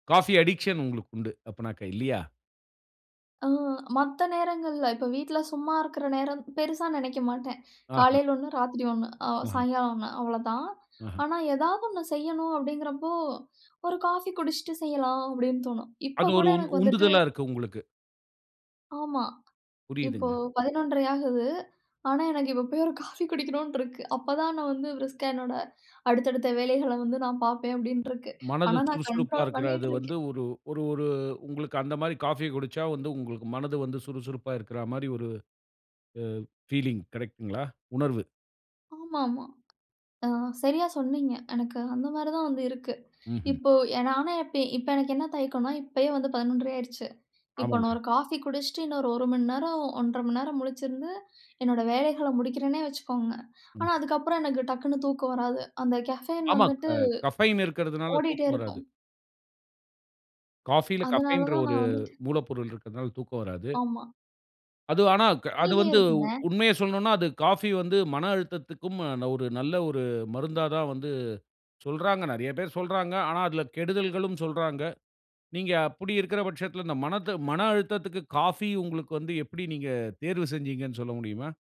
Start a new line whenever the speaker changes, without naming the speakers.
Coffee addiction உங்களுக்கு உண்டு அப்பனாக்கா இல்லியா?
அ மத்த நேரங்கள்ல இப்ப வீட்ல சும்மா இருக்கிற நேரம் பெருசா நெனைக்க மாட்டேன்.
ஆ.
காலையில ஒண்ணு ராத்திரி ஒண்ணு
அஹ.
சாயங்காலம் ஒண்ணு அவ்வளவுதான்.
அஹ.
ஆனா ஏதாவது ஒன்னு செய்யணும் அப்படிங்கிறப்போ ஒரு காஃபி குடிச்சிட்டு செய்யலாம் அப்படின்னு தோணும் இப்போ
அது
கூட
ஒரு உந்
எனக்கு வந்துட்டு
உந்துதலா இருக்கு உங்களுக்கு.
ஆமா. இப்போ
புரியுதுங்க.
11 1/2 ஆகுது. ஆனா எனக்கு இப்போ ஒரு காஃபி குடிக்கணுன்று இருக்கு. அப்பதான் நான் வந்து ப்ரிஸ்கா என்னோட அடுத்த அடுத்த வேலைகள வந்து நான் பார்ப்பேன் அப்படின்று இருக்கு.
மனது
ஆனா நான் கண்ட்ரோல்
சுறுசுறுப்பாருக்கிறது
பண்ணிக்கிட்டு இருக்கேன்.
வந்து ஒரு ஒரு ஒரு உங்களுக்கு அந்த மாரி காஃபி குடிச்சா வந்து உங்களுக்கு மனது வந்து சுறுசுறுப்பாருக்கிற மாரி ஒரு அ பீலிங் கரெக்ட்ங்களா? உணர்வு.
ஆமாமா. ஆ சரியா சொன்னீங்க எனக்கு அந்த மாதிரி தான் வந்து இருக்கு.
ம்ஹ்ம்.
இப்போ நானே இப்போ எனக்கு என்ன தயக்கம்னா, இப்பயே வந்து 11 1/2 ஆயிடுச்சு. இப்போ
ஆமாங்க.
நான் ஒரு காஃபி குடிச்சிட்டு இன்னும் ஒரு மணி நேரம், 1 1/2 மணி நேரம் முழிச்சிருந்து என்னோட வேலைகள முடிக்கிறேன்னே வச்சுக்கோங்க. ஆனா
ம்.
அதுக்கப்புறம் எனக்கு டக்குனு தூக்கம் வராது அந்த கேஃபேயின் வந்துட்டு
ஆமாங்க கஃபைன் இருகறதுனால
ஓடிகிட்டே
தூக்கம் வராது.
இருக்கும்.
காஃபில
அதனால
கஃபைன்ற
தான்
ஒரு
நான் வந்துட்டு
மூலப்பொருள் இருக்கிறதனால தூக்கம் வராது.
ஆமா.
அது ஆனா அது
கீழயே
வந்து
இருக்குங்க.
உண்மைய சொல்லனனுன்னா, அது காஃபி வந்து மன அழுத்தத்துக்கும் ஒரு நல்ல ஒரு மருந்தா தான் வந்து சொல்றாங்க. நெறைய பேர் சொல்றாங்க. ஆனா அதில கெடுதல்களும் சொல்றாங்க. நீங்க அப்டி இருக்கற பட்சத்தில இந்த மனத மன அழுத்தத்துக்கு காஃபி உங்களுக்கு வந்து எப்டி நீங்க தேர்வு செஞ்சீங்கன்னு சொல்ல முடியுமா?